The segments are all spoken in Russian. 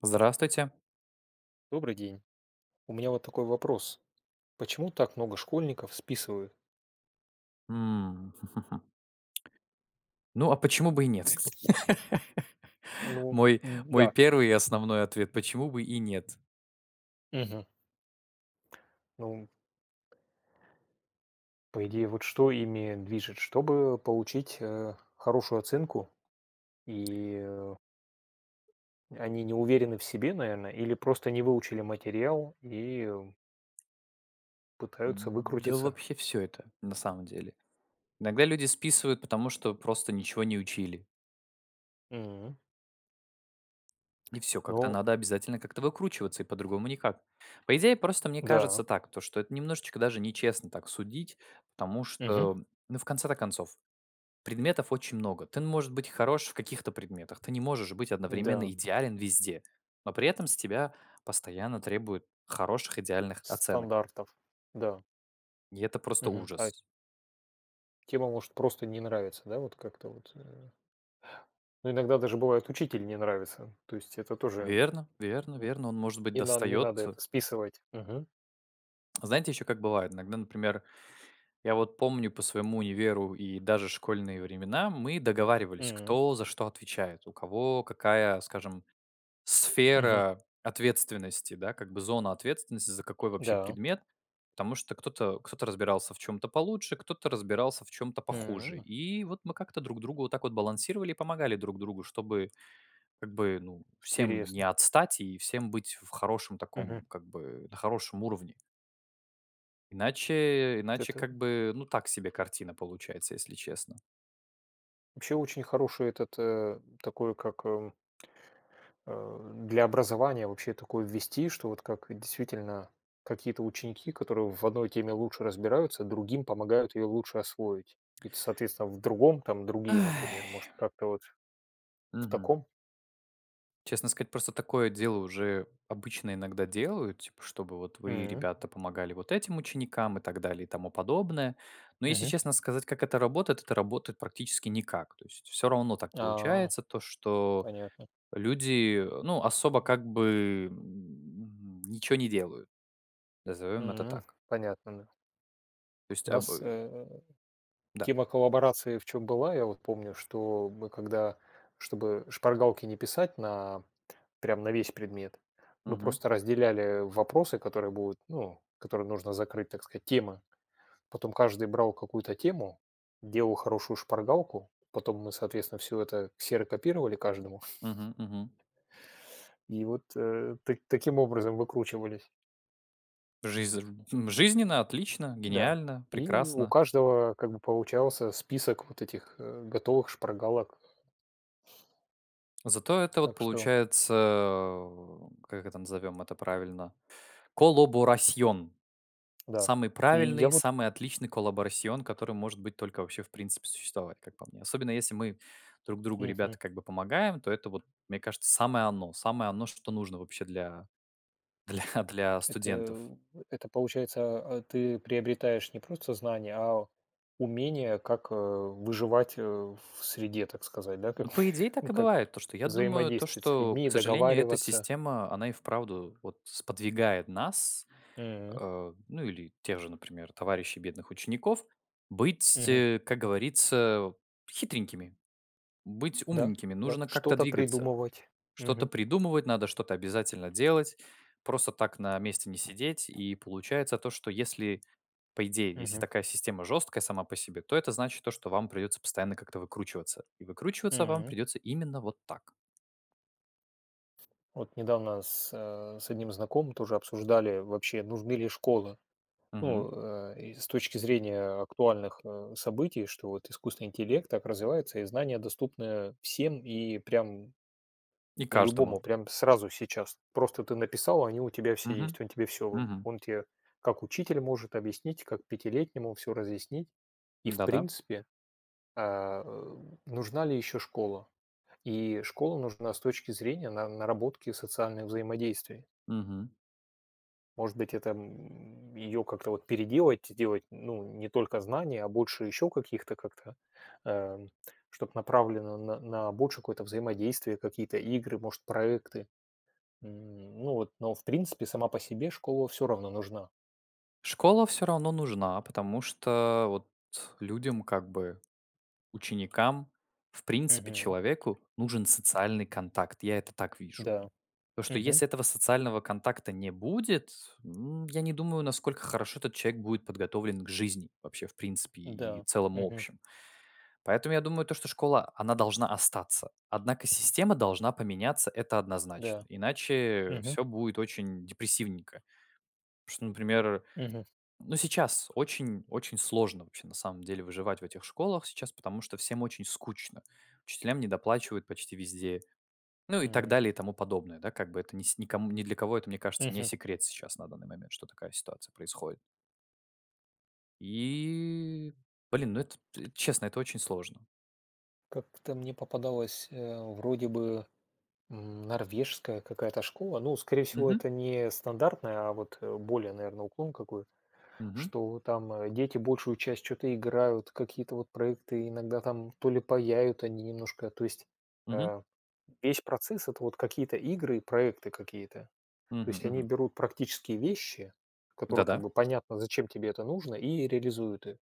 Здравствуйте! Добрый день! У меня вот такой вопрос: почему так много школьников списывают? М. Ну, а почему бы и нет? Ну, Мой д мой дак. первый и основной ответ: "Почему бы и нет?" Мгм. Ну, м По идее, вот что ими движет, чтобы получить, э, хорошую оценку? И, э, они не уверены в себе, наверно, или просто не выучили материал и э пытаются М, да, выкрутиться? вообще всё это на самом деле. Иногда люди списывают, потому что просто ничего не учили. М. Ни всё, как-то Ну надо обязательно как-то выкручиваться, и по-другому никак. По идее, просто мне Да. кажется так, то что это немножечко даже нечестно так судить, потому Мгм. что, ну, в конце-то концов, предметов очень много. Ты н можешь быть хорош в каких-то предметах, ты не можешь быть одновременно М-да. идеален везде, но при этом с тебя постоянно требуют хороших идеальных оценок. Стандартов. Да. И это просто Мгм. Ай ужас. Тема может просто не нравиться, да, вот как-то вот, э Ну, иногда даже, бывает, учитель не нравится. То есть это тоже, Верно верно верно. Он может быть, и нам не надо достаётся это списывать. Мгм. Знаете, ещё как бывает, иногда, например, я вот помню по своему универу и даже школьные времена мы договаривались, М. кто за что отвечает, у кого какая, скажем, Мгм. сфера ответственности, да, как бы зона ответственности за какой вообще Да. предмет. Потому что кто-то кто-то разбирался в чём-то получше, кто-то разбирался в чём-то похуже. М. И вот мы как-то друг другу вот так вот балансировали и помогали друг другу, чтобы как бы, ну, всем не Интересно. отстать и всем быть в хорошем Мгм. таком, как бы, на хорошем уровне. Иначе, Вот иначе, это как бы, ну, так себе картина получается, если честно. Вообще очень хороший этот, э, такой как, э э, для образования вообще такое ввести, что вот как действительно какие-то ученики, которые в одной теме лучше разбираются, другим помогают ее лучше освоить. И, т соответственно, в другом, там, другие, например. Ай. Может, как-то, вот, в Мгм. таком? Честно сказать, просто такое дело уже обычно иногда делают, типа чтобы вот вы, М. ребята, помогали вот этим ученикам и так далее, и тому подобное. Но если Мгм. честно сказать, как это работает- это работает практически никак. То есть всё равно так А. получается, то что Понятно. люди, э, ну, особо как бы, м, ничего не делают. Назовём это М. так. Понятно, да. То есть У а нас, бы э, Да. тема коллаборации в чём была, я вот помню, что мы когда, чтобы шпаргалки не писать на прям на весь предмет, мы Мгм. просто разделяли вопросы, которые будут, ну, которые нужно закрыть, так сказать, темы. Потом каждый брал какую-то тему, делал хорошую шпаргалку. Потом мы, соответственно, всё это ксерокопировали каждому. Мгм мгм. и вот, э, та таким образом выкручивались. Жизрн жизненно, отлично, М-да. гениально, И у прекрасно. каждого как бы получался список вот этих, э, готовых шпаргалок. Так что Зато это вот Так что получается в как это назовем это правильно? colaboración. Да. Самый И я правильный, вот самый отличный colaboración, который может быть только вообще в принципе существовать, как по мне. Особенно если мы друг другу, Мгм. ребята, как бы помогаем, то это вот, мне кажется, самое оно. Самое оно, что нужно вообще для, для для студентов. Это это получается, а, ты приобретаешь не просто знания, а умение, как, э, выживать, э, в среде, так сказать. Да как, Ну, по идее, так ну, и как бывает. То, что я думаю, то взаимодействовать с что, людьми к и сожалению, эта договариваться. система, она и вправду вот сподвигает нас, М. э, ну, или тех же, например, товарищей бедных учеников, быть, Мгм. э, как говорится, хитренькими. Быть Да, умненькими. да, Нужно как-то что-то двигаться. придумывать. Что-то Мгм. придумывать, надо что-то обязательно делать. Просто так на месте не сидеть. И получается то, что если, по идее, если Мгм. такая система жёсткая сама по себе, то это значит то, что вам придётся постоянно как-то выкручиваться. И выкручиваться вам М. придётся именно вот так. Вот недавно с, э, с одним знакомым тоже обсуждали, вообще, нужны ли школы. Мгм. Ну, э, и с точки зрения актуальных, э, событий, что вот искусственный интеллект так развивается, и знания доступны всем и прям И каждому. любому, прям сразу сейчас. Просто ты написал, а они у тебя все Мгм. есть. Он тебе всё выд Мгм. он те, как учитель, может объяснить, как пятилетнему всё разъяснить. И, в Да-да. принципе, э, ы, нужна ли ещё школа? И школа нужна с точки зрения на наработки социальных взаимодействий. Мгм. Может быть, это, м, ее как-то вот переделать, сделать, ну, не только знания, а больше еще каких-то, как-то, э, чтоб направлено на на большее взаимодействие, какие-то игры, может, проекты. М, ну вот, но, в принципе, сама по себе школа всё равно нужна. Школа всё равно нужна, потому что, вот, людям, как бы, ученикам, в принципе, Мгм. человеку нужен социальный контакт. Я это так вижу. Да. То, что Мгм. если этого социального контакта не будет, м, я не думаю, насколько хорошо этот человек будет подготовлен к жизни вообще, в принципе, и Да, целом, и мгм. общем. Поэтому я думаю, то, что школа, она должна остаться. Однако система должна поменяться. Это однозначно. Да. Иначе Мгм. всё будет очень депрессивненько. Потому что, например, Мгм. ну, сейчас очень-очень сложно вообще, на самом деле, выживать в этих школах сейчас, потому что всем очень скучно. Учителям недоплачивают почти везде. Ну, и так М. далее, и тому подобное. Да, как бы, это ни с ни ком ни для кого это, мне кажется, не Мгм. секрет сейчас на данный момент, что такая ситуация происходит. И, блин, ну это, т честно, это очень сложно. Как-то мне попадалась, э, вроде бы, м, норвежская какая-то школа. Ну, скорее всего, Мгм. это не стандартная, а вот, э, более, наверное, уклон какой, Мгм. что там, э, дети большую часть чё-то играют, какие-то вот проекты иногда, там, то ли паяют они немножко, то есть, Мгм. э, весь процесс- это вот какие-то игры и проекты какие-то. То Мгм есть они мгм. берут практические вещи, которые как Да-да. бы понятно, зачем тебе это нужно, и реализуют их.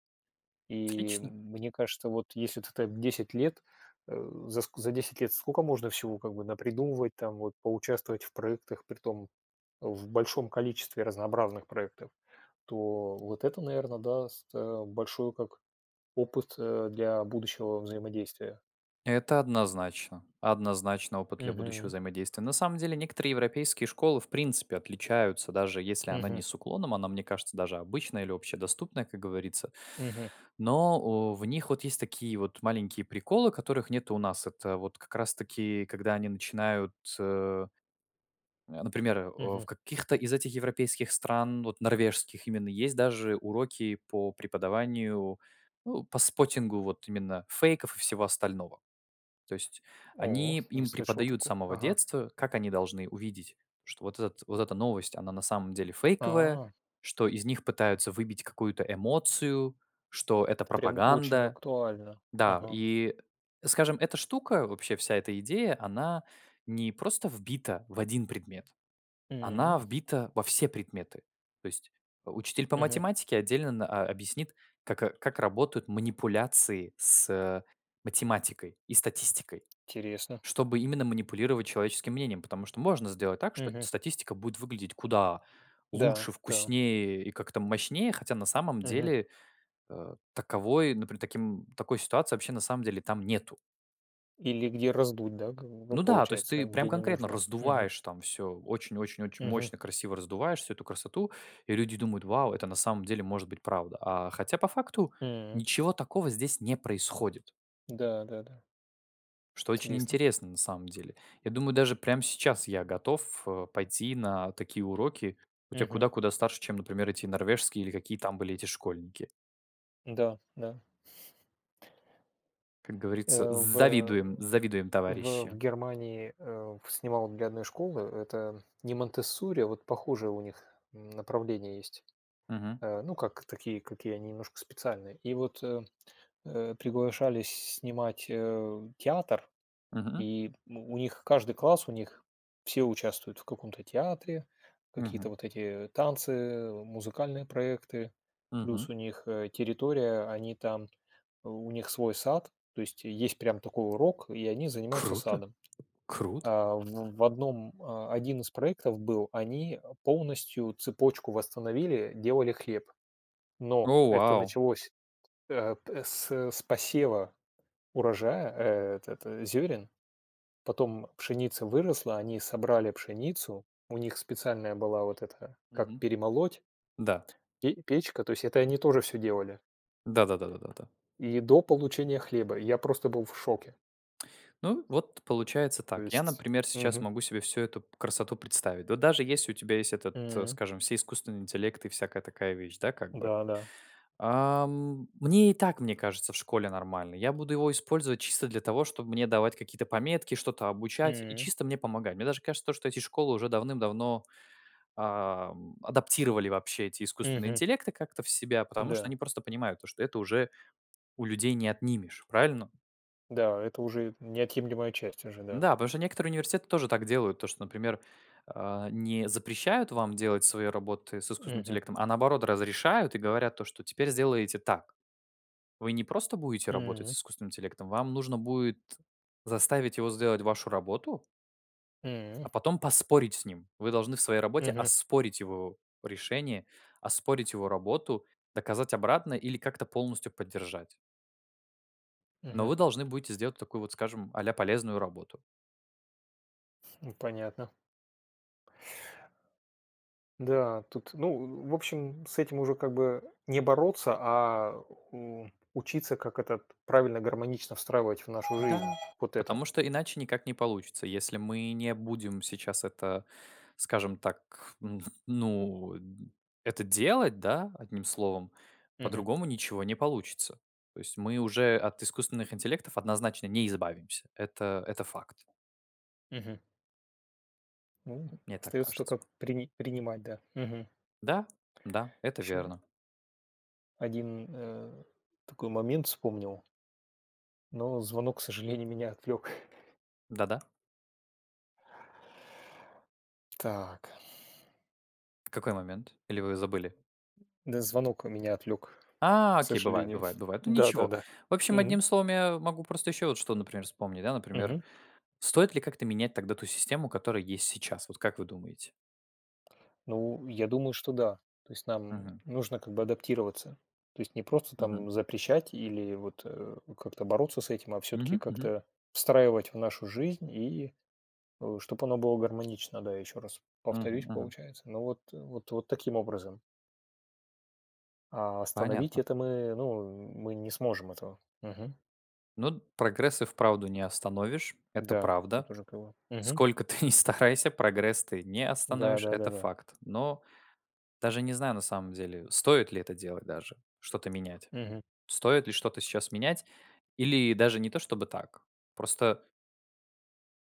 И Отлично. мне кажется, вот, если ты там 10 лет, э, за ск за 10 лет скока можно всего как бы напридумывать, там, вот поучаствовать в проектах, притом в большом количестве разнообразных проектов, то вот это, наверно, даст, э, большой, как, опыт, э, для будущего взаимодействия. Это однозначно. Однозначный опыт для будущего Мгм. взаимодействия. На самом деле, некоторые европейские школы в принципе отличаются, даже если она не Мгм. с уклоном, она, мне кажется, даже обычная или общедоступная, как говорится. Мгм. Но, э, в них вот есть такие вот маленькие приколы, которых нету у нас. Это вот как раз таки когда они начинают, э, например, э, в Мгм. каких-то из этих европейских стран, вот, норвежских именно есть даже уроки по преподаванию, э, по споттингу вот именно фейков и всего остального. То есть О, они не им слышал преподают с тако самого ага. детства, как они должны увидеть, что вот этот вот эта новость она на самом деле фейковая, А. что из них пытаются выбить какую-то эмоцию, что это Это прям очень пропаганда. актуально. Да, Ага. и скажем, эта штука, вообще вся эта идея, она не просто вбита в один предмет, она М. вбита во все предметы. То есть, э, учитель по Мгм. математике отдельно н о объяснит, как, э, как работают манипуляции с, э, математикой и статистикой, Интересно. чтобы именно манипулировать человеческим мнением. Потому что можно сделать так, что Мгм. статистика будет выглядеть куда Да, лучше, да. вкуснее и как-то мощнее, хотя на самом Мгм. деле, э, таковой, например, таким такой ситуации вообще на самом деле там нету. Или где раздуть, да, как бы, ну, Ну да, то есть получается, ты прям где не конкретно нужно. Мгм. раздуваешь там всё очень очень очень Мгм. мощно, красиво раздуваешь всю эту красоту, и люди думают: "Вау, это на самом деле может быть правда". А хотя по факту М. ничего такого здесь не происходит. Да-да-да. Что очень Интересно. интересно, на самом деле. Я думаю, даже прям сейчас я готов, э, пойти на такие уроки. Хоть я Мгм. куда куда старше, чем, например, эти норвежские или какие там были эти школьники. М-да, да. Как говорится: Э, в, э, "Завидуем, завидуем, в, в товарищи". Германии, э, в снимал для одной школы, это не Монтессори, а вот похожее у них направление есть. Мгм. Э, ну, как такие, какие они немножко специальные. И вот, э, э, приглашались снимать, э, театр, Мгм. и у них каждый класс, у них все участвуют в каком-то театре, какие-то Мгм. вот эти танцы, музыкальные проекты. Мгм. Плюс у них, э, территория, они там, у них свой сад, то есть есть прям такой урок, и они занимаются Круто, садом. круто. А, в в одном, а, 1 из проектов был, они, э, полностью цепочку восстановили, делали хлеб. Но О, это вау! началось, э, п с с посева урожая, э, этот зёрен. Потом пшеница выросла, они собрали пшеницу, у них специальная была вот эта, как Мгм. перемолоть. Да. И печка- то есть это они тоже всё делали. Да да да да да да. И до получения хлеба. Я просто был в шоке. Ну, вот получается То так. Я, есть например, сейчас мгм. могу себе всю эту красоту представить. Да даже если у тебя есть этот, э, М. скажем, все искусственные интеллекты и всякая такая вещь, да, как бы. Да, да. Ам, мне и так, мне кажется, в школе нормально. Я буду его использовать чисто для того, чтоб мне давать какие-то пометки, что-то обучать и М. чисто мне помогать. Мне даже кажется, что эти школы уже давным-давно, ам, адаптировали вообще эти искусственные Мгм. интеллекты как-то в себя, потому что Да. они просто понимают то, что это уже у людей не отнимешь, правильно? Да, это уже неотъемлемая часть, уже да. Да, потому что некоторые университеты тоже так делают. То, что, например, э, не запрещают вам делать свои работы с искусственным Мгм. интеллектом, а наоборот, разрешают и говорят то, что теперь сделаете так. Вы не просто будете работать с М. искусственным интеллектом, вам нужно будет заставить его сделать вашу работу. М. А потом поспорить с ним. Вы должны в своей работе Мгм. оспорить его решение, оспорить его работу, доказать обратное или как-то полностью поддержать. Но Мгм. вы должны будете сделать такую вот, скажем, а-ля полезную работу. Ну, понятно. Да, тут, ну, в общем, с этим уже как бы не бороться, а у учиться, как этот правильно, гармонично встраивать в нашу жизнь Да. вот Потому это. что иначе никак не получится. Если мы не будем сейчас это, скажем так, ну ну, э, это делать, да, одним словом, Мгм. по-другому ничего не получится. То есть мы уже от искусственных интеллектов однозначно не избавимся. Это это факт. Мгм. У, Мне так остаётся кажется. тока прини принимать, да, мгм. Да, да, это Ещё верно. один, э, такой момент вспомнил но звонок, к сожалению, меня отвлёк. Да, да. Так. Какой момент? Или вы забыли? Да, звонок в меня отвлёк, А, к окей, бывает сожалению. бывает бывает, ну, ничего. Да-да-да. В общем, Мгм. одним словом, я могу просто ещё вот что, например, вспомнить. Да, например, Мгм. стоит ли как-то менять тогда ту систему, которая есть сейчас? Вот как вы думаете? Ну, я думаю, что да. То есть нам Мгм. нужно как бы адаптироваться. То есть не просто Мгм. там запрещать или вот, э, как-то бороться с этим, а всё-таки Мгм мгм. как-то встраивать в нашу жизнь, и, э, чтоб оно было гармонично, да, ещё раз Мгм повторюсь, мгм. получается. Но вот, э, вот таким образом. А остановить Понятно. это мы, ну, мы не сможем этого. Мгм. Ну, д прогресс и вправду не остановишь, это Да. Тут правда. уже как бы мгм. Сколько ты не старайся, прогресс ты не Да остановишь- да да это да. факт. Но даже не знаю, на самом деле, стоит ли это делать, даже что-то менять. Мгм. Стоит ли что-то сейчас менять или даже не то чтобы так. Просто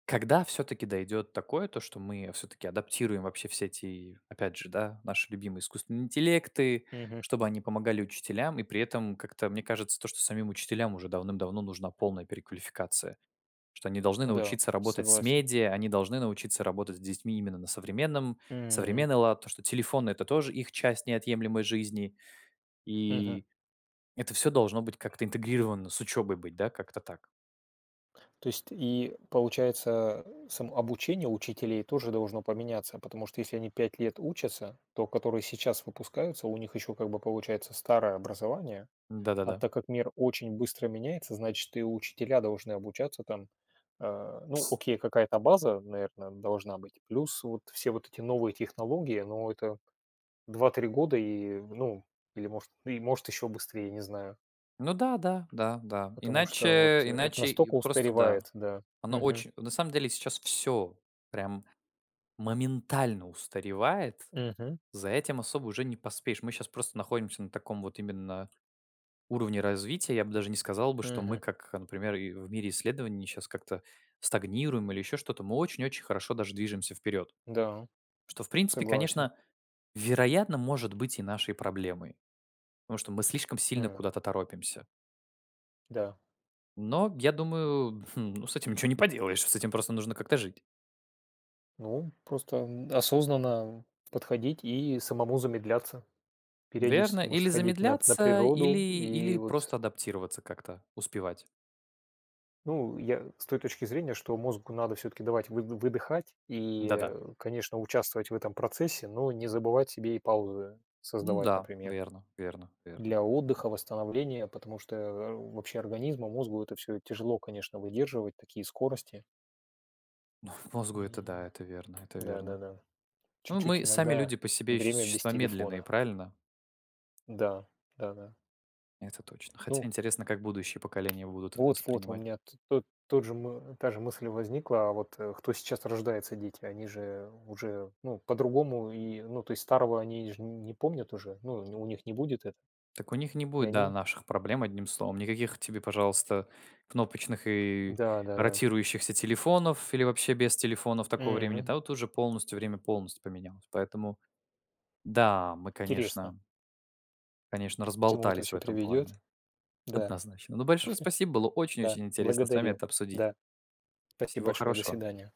Когда всё-таки дойдет такое, то, что мы всё-таки адаптируем вообще все эти, опять же, да, наши любимые искусственные интеллекты, Мгм. чтобы они помогали учителям. И при этом, как-то мне кажется, то, что самим учителям уже давным-давно нужна полная переквалификация. Что они должны Да, научиться работать с согласен. медиа, они должны научиться работать с детьми именно на современном М. современный лад, то, что телефоны- это тоже их часть неотъемлемой жизни. Мгм. И это всё должно быть как-то интегрировано с учебой быть, да, как-то так. То есть и получается, сам обучение учителей тоже должно поменяться. Потому что если они 5 лет учатся, то, которые сейчас выпускаются, у них ещё как бы получается старое образование, Н, а да-да-да. так как мир очень быстро меняется, значит, и учителя должны обучаться там. Э, ну, Пс окей, какая-то база, наверное, должна быть. Плюс вот все вот эти новые технологии, но это 2-3 года, и, ну, или, может и, может, еще быстрее, я не знаю. Ну да, да, да, да, Потому что вот, иначе э, это иначе и настолько просто да. устаревает, да. Оно Мгм. оч на самом деле, сейчас всё прям моментально устаревает. Мгм. За этим особо уже не поспеешь. Мы щас просто находимся на таком вот именно уровне развития. Я бы даже не сказал бы, что мы Мгм. как, э, например, и в мире исследований щас как-то стагнируем или ещё что-то, мы очень-очень хорошо даже движемся вперёд. Да, Что, в принципе, согласен. конечно, вероятно, может быть и нашей проблемой, потому что мы слишком сильно М. куда-то торопимся. Да. Но я думаю, хм, ну, с этим ничего не поделаешь, с этим просто нужно как-то жить. Ну, м, просто, м, осознанно подходить и самому замедляться, Верно, периодически, может, или сходить на на замедляться, или природу и или вот просто адаптироваться, как-то успевать. Ну, я с той точки зрения, что мозгу надо всё-таки давать выды выдыхать и, Да-да. э, конечно, участвовать в этом процессе, но не забывать себе и паузы Ну создавать, да, например. верно, верно, верно, Для верно. отдыха, восстановления, потому что, э, вообще организму, мозгу это всё тяжело, конечно, выдерживать такие скорости. Мозгу это, И, да, это верно, это верно. да-да-да. Ну, Чуть-чуть мы сами иногда люди по себе ещё время без существа медленные, телефона. правильно? Да, да-да. Это точно. Хотя Ну интересно, как будущие поколения будут вот Вот-вот, у воспринимать. меня то тот же, мы та же мысль возникла. А вот, э, кто сейчас рождается- дети- они же уже, ну, по-другому, и, ну, то есть, старого они ж не помнят уже, ну, не у них не будет это. Так у них не И будет, да, они наших проблем, одним словом. Никаких тебе, пожалуйста, кнопочных и Да-да-да. ротирующихся телефонов или вообще без телефонов такого времени. Мгм. Та, вот уже полностью время полностью поменялось. Поэтому, да! Мы, Интересно. конечно конечно, К чему это разболтались в всё этом плане. приведет? Да. Однозначно. Ну, большое спасибо, было Да, очень-очень интересно с вами благодарю. это обсудить. Да. Спасибо Всего большое. До хорошего. свидания.